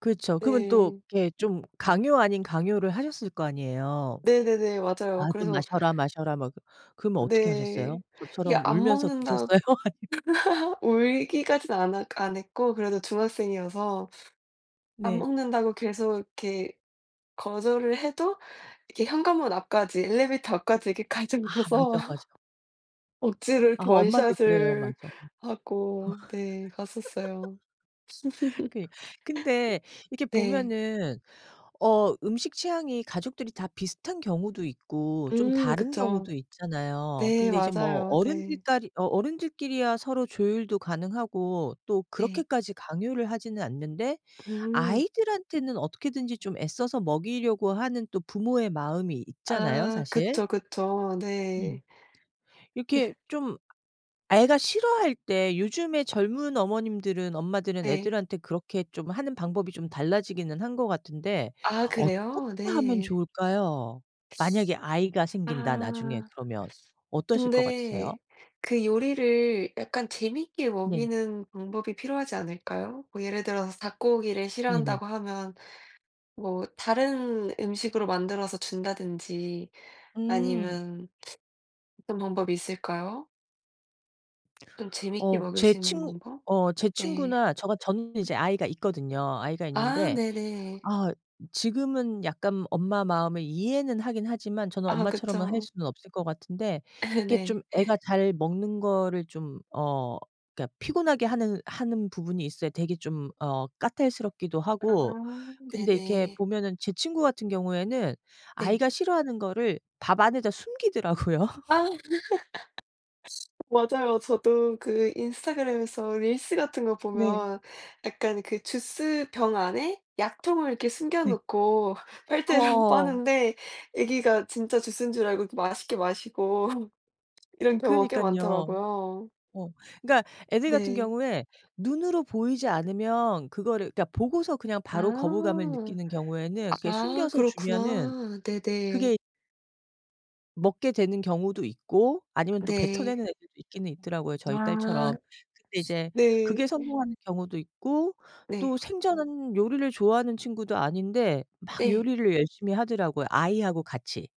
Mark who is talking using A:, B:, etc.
A: 그렇죠. 그러면 또
B: 네.
A: 이렇게 좀 강요 아닌 강요를 하셨을 거 아니에요.
B: 네네네. 맞아요.
A: "아 좀
B: 그래서
A: 마셔라, 마셔라." 막 그 그러면 어떻게 하셨어요?
B: 네. 이게
A: 저처럼
B: 안
A: 울면서
B: 먹는다
A: 드셨어요? 아님
B: 울기까진 안 하 안 했고 그래도 중학생이어서 "안
A: 네.
B: 먹는다."고 계속 이렇게 거절을 해도 이렇게 현관문 앞까지 엘리베이터 앞까지 이렇게 가지고
A: 아
B: 와서
A: 맞아, 맞아.
B: 억지를 이렇게
A: 아하. 엄마들 그래요.
B: 원샷을
A: 맞아. 음.
B: 하고 네. 갔었어요.
A: 그니 근데 이렇게
B: 네.
A: 보면은 어 음식 취향이 가족들이 다 비슷한 경우도 있고 좀
B: 음.
A: 다른
B: 그쵸.
A: 경우도 있잖아요.
B: 네.
A: 근데 이제 뭐
B: 맞아요.
A: 어른들
B: 네.
A: 까리 어 어른들 끼리야 서로 조율도 가능하고 또
B: 네.
A: 그렇게까지 강요를 하지는 않는데
B: 음.
A: 아이들한테는 어떻게든지 좀 애써서 먹이려고 하는 또 부모의 마음이 있잖아요,
B: 아
A: 사실.
B: 그쵸, 그쵸. 네.
A: 음. 이렇게 좀 애가 싫어할 때 요즘에 젊은 어머님들은 엄마들은
B: 네.
A: 애들한테 그렇게 좀 하는 방법이 좀 달라지기는 한 것 같은데
B: 아 그래요?
A: 어떻게 하면
B: 네.
A: 좋을까요? '만약에 아이가 생긴다, 나중에.'
B: 아.
A: 그러면 어떠실 것 같으세요?
B: 근데 그 요리를 약간 재미있게
A: 네.
B: 먹이는 방법이 필요하지 않을까요? 뭐 예를 들어서 '닭고기를
A: 네네.
B: 싫어한다.'고 하면 뭐 다른 음식으로 만들어서 준다든지
A: 음.
B: 아니면 어떤 방법이 있을까요? 좀 재미있게
A: 어
B: 먹일
A: 제
B: 수 있는
A: 친
B: 방법?
A: 어 제
B: 네.
A: 친구나 저 같 저는 이제 아이가 있거든요. 아이가
B: 아.
A: 있는데.
B: 네네.
A: 아 지금은 약간 엄마 마음을 이해는 하긴 하지만 저는
B: 아.
A: 엄마처럼은 할
B: 그쵸.
A: 수는 없을 것 같은데. 이렇게
B: 네.
A: 좀 애가 잘 먹는 거를 좀 어 그러니까 피곤하게 하느 하는 부분이 있어요. 되게 좀 어 까탈스럽기도 하고.
B: 아.
A: 근데 이렇게
B: 네네.
A: 보면은 제 친구 같은 경우에는
B: 네.
A: 아이가 싫어하는 거를 밥 안에다 숨기더라고요?
B: 아. 맞아요. 저도 그 인스타그램에서 릴스 같은 거
A: 네.
B: 보면 약간 그 주스병 안에 약통을 이렇게 숨겨
A: 네.
B: 놓고 빨대로
A: 어어어.
B: 빠는데 아기가 진짜 주스인 줄 알고 이렇게 맛있게 마시고 이런 경우가 꽤
A: 그러니깐요.
B: 많더라고요.
A: 어. 그러니까 애들 같은
B: 네.
A: 경우에 눈으로 보이지 않으면 그거를 그러니까 보고서 그냥 바로 거부감을
B: 아.
A: 느끼는 경우에는 그렇게
B: 아.
A: 숨겨서 주면은
B: 그렇구나.
A: 그게
B: 네네.
A: 먹게 되는 경우도 있고 아니면 또
B: 네.
A: 뱉어내는 애들도 있기는 있더라고요, 저희
B: 아.
A: 딸처럼. 근데 이제 그게
B: 네.
A: 성공하는 경우도 있고
B: 네.
A: 또 생전은 요리를 좋아하는 친구도 아닌데 막
B: 네.
A: 요리를 열심히 하더라고요. 아이하고 같이.